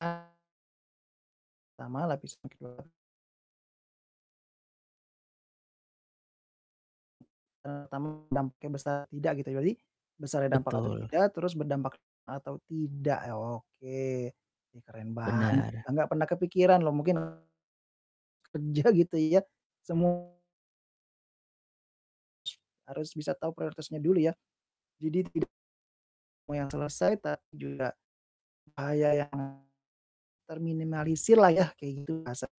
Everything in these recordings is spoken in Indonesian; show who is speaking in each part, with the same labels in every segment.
Speaker 1: [unintelligible] Pertama, lapisan kedua. E tamu dampaknya besar, tidak gitu ya jadi, besarnya dampak atau
Speaker 2: Betul.
Speaker 1: tidak, terus berdampak atau tidak ya, oke. Ih keren banget,
Speaker 2: Benar.
Speaker 1: enggak pernah kepikiran loh mungkin kerja gitu ya, semu Harus bisa tau prioritasnya dulu ya. Jadi tidak mau yang selesai tapi juga bahaya yang terminimalisir lah yah kaya gitu, asap.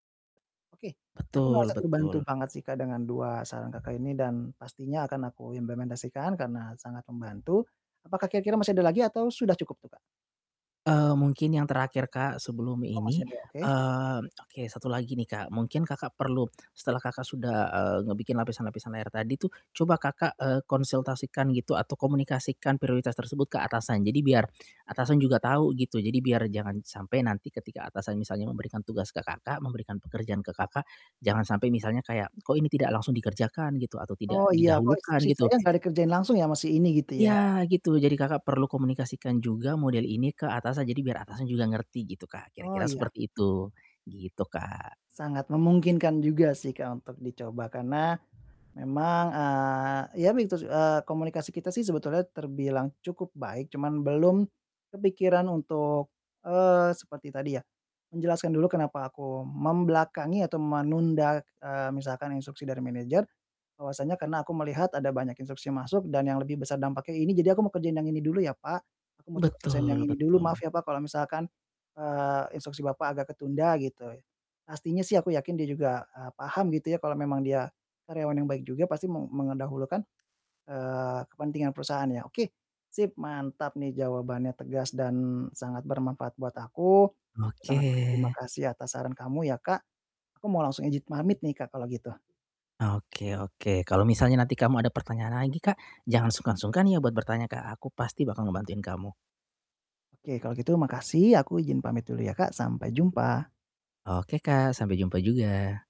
Speaker 1: Oke, aku merasa
Speaker 2: Betul
Speaker 1: terbantu
Speaker 2: betul.
Speaker 1: banget sih, Kak, dengan 2 saran Kakak ini, dan pastinya akan aku implementasikan karena sangat membantu. Apakah kira-kira masih ada lagi atau sudah cukup tuh, Kak?
Speaker 2: Eee, mungkin yang terakhir, Kak, sebelum
Speaker 1: Oh masih
Speaker 2: ini,
Speaker 1: ada, oke.
Speaker 2: eee, oke 1 lagi nih, Kak, mungkin Kakak perlu, setelah Kakak sudah, eee, ngebikin lapisan-lapisan layar tadi tuh, coba, Kakak, eee, konsultasikan gitu atau komunikasikan prioritas tersebut ke atasan. Jadi biar atasan juga tahu, gitu. Jadi biar jangan sampai nanti ketika atasan misalnya memberikan tugas ke Kakak, memberikan pekerjaan ke Kakak, jangan sampai misalnya kayak, "Kok ini tidak langsung dikerjakan?" Gitu atau tidak
Speaker 1: Oh iya, "Kok
Speaker 2: didahulukan,
Speaker 1: instruksi
Speaker 2: gitu.
Speaker 1: saya enggak dikerjain langsung ya, masih ini?" gitu ya.
Speaker 2: Ya, gitu. Jadi, Kakak perlu komunikasikan juga model ini ke atasan. Jadi biar atasan juga ngerti gitu, Kak,
Speaker 1: Oh,
Speaker 2: kira-kira
Speaker 1: iya.
Speaker 2: seperti itu. Gitu, Kak.
Speaker 1: Sangat memungkinkan juga sih, Kak, untuk dicoba karena memang, eee, ya begitu sih, eee, komunikasi kita sih sebetulnya terbilang cukup baik. Cuman belum kepikiran untuk, eee, seperti tadi ya, menjelaskan dulu kenapa aku membelakangi atau menunda, eee, misalkan instruksi dari manajer, bahwasanya karena, "Aku melihat ada banyak instruksi masuk dan yang lebih besar dampaknya ini jadi aku mau kerjain yang ini dulu ya, Pak. Aku mau coba selesaiin yang
Speaker 2: Betul
Speaker 1: ini dulu, maaf
Speaker 2: betul.
Speaker 1: ya Pak, kalau misalkan, eee, instruksi Bapak agak ketunda." Gitu. Pastinya sih aku yakin, dia juga, eee, paham gitu ya, kalau memang dia karyawan yang baik juga pasti me mendahulukan, eee, kepentingan perusahaan ya. Oke, sip, mantap nih, jawabannya tegas dan sangat bermanfaat buat aku,
Speaker 2: Oke.
Speaker 1: sangat berterima kasih atas saran kamu ya, Kak. Aku mau langsung ijin pamit nih, Kak, kalau gitu.
Speaker 2: Oke oke, kalau misalnya nanti kamu ada pertanyaan lagi, Kak, jangan sungkan-sungkan ya buat bertanya ke aku pasti bakal ngebantuin kamu.
Speaker 1: Oke kalau gitu makasih. Aku ijin pamit dulu ya, Kak. Sampai jumpa.
Speaker 2: Oke, Kak, sampai jumpa juga.